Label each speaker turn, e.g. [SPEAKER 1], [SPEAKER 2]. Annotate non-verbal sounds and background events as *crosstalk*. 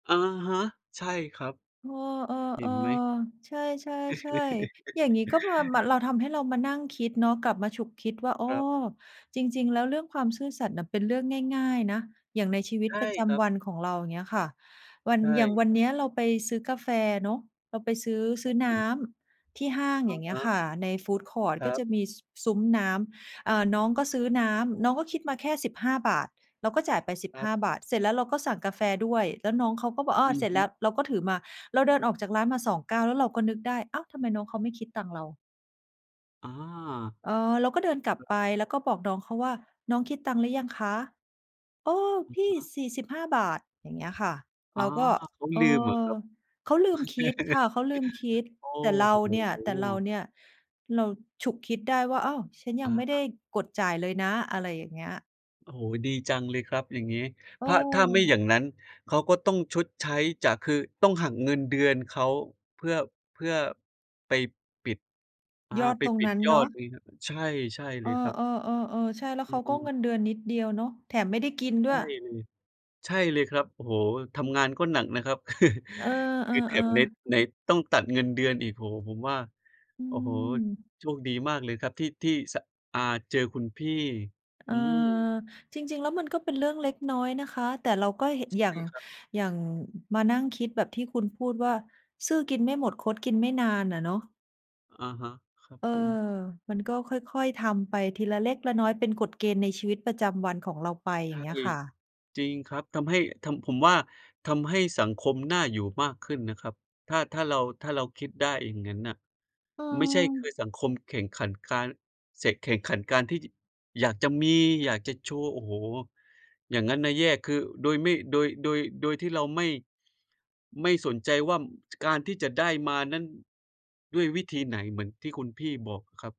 [SPEAKER 1] อะฮะ ใช่ครับ
[SPEAKER 2] เอ
[SPEAKER 1] เห็
[SPEAKER 2] อ
[SPEAKER 1] นไหม
[SPEAKER 2] ๆ ๆ ใช่ ๆ ๆ อย่างงี้ ก็มา ม
[SPEAKER 1] *laughs*
[SPEAKER 2] ทำให้เรามานั่งคิดเนาะ กลับมาฉุกคิดว่า "อ๋
[SPEAKER 1] ค
[SPEAKER 2] อ
[SPEAKER 1] รับ
[SPEAKER 2] จริง ๆ แล้วเรื่องความซื่อสัตย์น่ะ เป็นเรื่องง่าย ๆ นะ" อย่างในชีวิ
[SPEAKER 1] ใช
[SPEAKER 2] ต
[SPEAKER 1] ่
[SPEAKER 2] ประจ
[SPEAKER 1] ครั
[SPEAKER 2] ำ
[SPEAKER 1] บ
[SPEAKER 2] วันของเรา อย่างเงี้ยค่ะ วัน
[SPEAKER 1] ใช
[SPEAKER 2] อย่างวัน
[SPEAKER 1] ่
[SPEAKER 2] นี้เราไปซื้อกาแฟเนาะ เราไปซื้อ
[SPEAKER 1] ค
[SPEAKER 2] ซ
[SPEAKER 1] ร
[SPEAKER 2] ื้
[SPEAKER 1] ั
[SPEAKER 2] อ
[SPEAKER 1] บ
[SPEAKER 2] น
[SPEAKER 1] ผ
[SPEAKER 2] ้
[SPEAKER 1] ม
[SPEAKER 2] ำที่ห้าง
[SPEAKER 1] อ
[SPEAKER 2] อย
[SPEAKER 1] ะ
[SPEAKER 2] ่างเง
[SPEAKER 1] ฮ
[SPEAKER 2] ี้ย
[SPEAKER 1] ะ
[SPEAKER 2] ค่ะ ในฟูดคอร์ต
[SPEAKER 1] คร
[SPEAKER 2] ก็
[SPEAKER 1] ั
[SPEAKER 2] จ
[SPEAKER 1] บ
[SPEAKER 2] ะมี ซ ซุ้มน้ำ เอ่อ น้องก็ซื้อน้ำ น้องก็คิดมาแค่ 15 บาท เราก็จ่ายไป สิบ
[SPEAKER 1] คร
[SPEAKER 2] ห
[SPEAKER 1] ับ
[SPEAKER 2] ้า บาท เสร็จแล้วเราก็สั่งกาแฟด้วย แล้วน้องเขาก็บอก "อ้อ
[SPEAKER 1] อื
[SPEAKER 2] เ
[SPEAKER 1] อ
[SPEAKER 2] สร็จ
[SPEAKER 1] ฮ
[SPEAKER 2] แล
[SPEAKER 1] ึ
[SPEAKER 2] ้ว" เราก็ถือมา เราเดินออกจากร้านมา 2 ก้าว แล้วเราก็นึกได้ "อ้าว ทำไมน้องเขาไม่คิดตังค์เรา?"
[SPEAKER 1] อา
[SPEAKER 2] เออ เราก็เดินกลับ
[SPEAKER 1] คร
[SPEAKER 2] ไ
[SPEAKER 1] ับ
[SPEAKER 2] ป แล้วก็บอกน้องเขาว่า "น้องคิดตังค์หรือยังคะ?" "โอ้
[SPEAKER 1] อะ
[SPEAKER 2] พี่
[SPEAKER 1] ฮะ
[SPEAKER 2] 45 บาท" อย่างเงี้ยค่ะ
[SPEAKER 1] อ
[SPEAKER 2] เ
[SPEAKER 1] า
[SPEAKER 2] ราก็
[SPEAKER 1] เขา
[SPEAKER 2] เออ
[SPEAKER 1] ลืมเหรอครับ?
[SPEAKER 2] เขาลืมคิดค่
[SPEAKER 1] *chuckles*
[SPEAKER 2] ะ เขาลืมคิด
[SPEAKER 1] โอ้
[SPEAKER 2] แต่เร
[SPEAKER 1] โ
[SPEAKER 2] าเนี่ย แต่เรา
[SPEAKER 1] ฮ
[SPEAKER 2] เนี่ย เราฉุกคิดได้ว่า "อ้าว! ฉันย
[SPEAKER 1] อ
[SPEAKER 2] ั
[SPEAKER 1] ะ
[SPEAKER 2] งไม่ไ
[SPEAKER 1] ฮ
[SPEAKER 2] ด้
[SPEAKER 1] ะ
[SPEAKER 2] กดจ่ายเลยนะ" อะไรอย่างเงี้ย
[SPEAKER 1] โอ้โฮ ดีจังเลยครับอย่างงี้ ถ ถ้าไม่อ
[SPEAKER 2] เออ
[SPEAKER 1] ย่างนั้น เขาก็ต้องชดใช้จาก คือต้องหักเงินเดือนเขาเพื่อ เพื่อ ไปปิด อา
[SPEAKER 2] ยอด
[SPEAKER 1] ไป
[SPEAKER 2] ตรง
[SPEAKER 1] ปิ
[SPEAKER 2] น
[SPEAKER 1] ด
[SPEAKER 2] ั้น
[SPEAKER 1] ยอ
[SPEAKER 2] เน
[SPEAKER 1] ด
[SPEAKER 2] าะ
[SPEAKER 1] งี้ครับ ใช่ ใช่เ
[SPEAKER 2] เ
[SPEAKER 1] ล
[SPEAKER 2] ออ
[SPEAKER 1] ยครับ
[SPEAKER 2] ๆ ๆ ๆ ใช่ แล้ว
[SPEAKER 1] อ
[SPEAKER 2] เ
[SPEAKER 1] ื
[SPEAKER 2] ขาก็
[SPEAKER 1] ม
[SPEAKER 2] เงินเดือนนิดเดียวเนาะ แถมไม่ได้กินด
[SPEAKER 1] ใช
[SPEAKER 2] ้ว
[SPEAKER 1] ่
[SPEAKER 2] ย
[SPEAKER 1] เลย ใช่เลยครับ โอ้โฮ ทำงานก็หนักนะครับ *chuckles*
[SPEAKER 2] เออ
[SPEAKER 1] คือแถมไหน
[SPEAKER 2] ๆ ๆ
[SPEAKER 1] ไหนต้องตัดเงินเดือนอีก โอ้โฮ ผมว่า
[SPEAKER 2] อื
[SPEAKER 1] โอ้โฮ
[SPEAKER 2] ม
[SPEAKER 1] โชคดีมากเลยครับ ที่ ที่ ส อ่า เจอคุณพี่
[SPEAKER 2] เอ
[SPEAKER 1] อ
[SPEAKER 2] อ
[SPEAKER 1] ืม
[SPEAKER 2] จริง ๆ แล้วมันก็เป็นเรื่องเล็กน้อยนะคะ แต่เราก็เหะ
[SPEAKER 1] ใช
[SPEAKER 2] อย่า
[SPEAKER 1] ่
[SPEAKER 2] ง
[SPEAKER 1] ครับ
[SPEAKER 2] อย่างมานั่งคิดแบบที่คุณพูดว่า "ซื่อกินไม่หม
[SPEAKER 1] ค
[SPEAKER 2] ด
[SPEAKER 1] รับ
[SPEAKER 2] คดกินไม่นาน" อะเนาะ
[SPEAKER 1] อะฮะ ครับ
[SPEAKER 2] เออ
[SPEAKER 1] ผม
[SPEAKER 2] มันก็ค่อย ๆ ทำไปทีละเล็กละน้อย เป็นกฎเกณฑ์ในชีวิตประจำวันของเราไป อ
[SPEAKER 1] ใ
[SPEAKER 2] ย
[SPEAKER 1] ช
[SPEAKER 2] ่า
[SPEAKER 1] ่
[SPEAKER 2] งเงี้ยค่ะ
[SPEAKER 1] จริงครับ ทำให้ ทำ ผมว่าทำให้สังคมน่าอยู่มากขึ้นนะครับ ถ้า ถ้าเรา ถ้าเราคิดได้อย่างงั้นน่ะ
[SPEAKER 2] เ
[SPEAKER 1] ไม่ใช่ คือ
[SPEAKER 2] ออ
[SPEAKER 1] สังคมแข่งขันการเสก แข่งขันการที่ จ อยากจะมี อยากจะโชว์ โอ้โฮ อย่างงั้นน่ะแย่ คือ โดยไม่ โดย โดย โดยที่เราไม่ ไม่สนใจว่า ม การที่จะได้มานั้น ด้วยวิธีไหน เหมือนที่คุณพี่บอกอะครับ